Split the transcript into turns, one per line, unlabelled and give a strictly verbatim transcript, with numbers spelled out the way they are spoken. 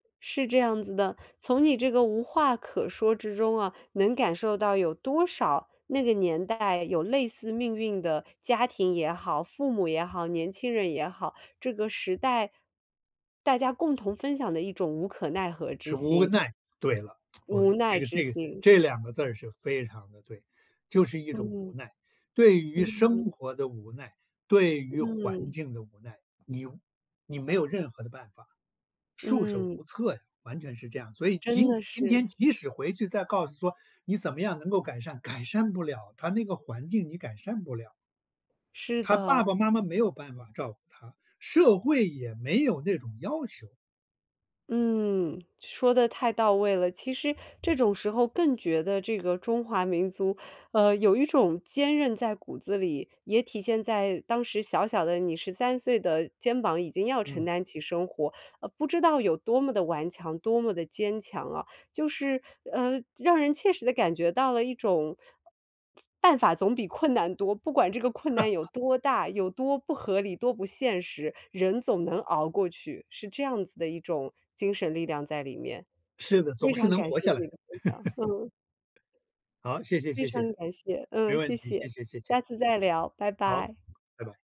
是这样子的，从你这个无话可说之中啊，能感受到有多少那个年代有类似命运的家庭也好、父母也好、年轻人也好，这个时代，大家共同分享的一种无可奈何之
是无
心。
奈，对了，我
无奈
这个
之
这个
心。
这两个字儿是非常地对，就是一种无
嗯。
奈，对于生
嗯。
活的无奈、对于环
嗯。
境的无奈，你你没有任何的办法，束手
嗯。
无策呀，完全是这样。所以
真
今
的
今
是。
天即使回去再告诉说你怎么样能够改善。改善不了，它那个环境你改善不了。
是
他爸
的。
爸妈妈没有办法照顾他，社会也没有那种要求。
嗯，说得太到位了，其实这种时候更觉得这个中华民族，呃，有一种坚韧在骨子里，也体现在当时小小的你，十三岁的肩膀已经要承
嗯。
担起生活，呃，不知道有多么地顽强、多么地坚强啊。就是，呃，让人切实地感觉到了一种 “办法总比困难多”，不管这个困难有 多大、有多不合理、多不现实，人总能熬过去，是这样子的一种精神力量在里面。
是的，
非
总是
常
能
感
活
谢
下来。
你 的分享，嗯。
好，谢谢
非
谢
常
谢。
感谢，
没
嗯，
问
谢
题，
谢，
谢谢谢
下
谢。
次再聊，拜
好，
拜。
拜拜。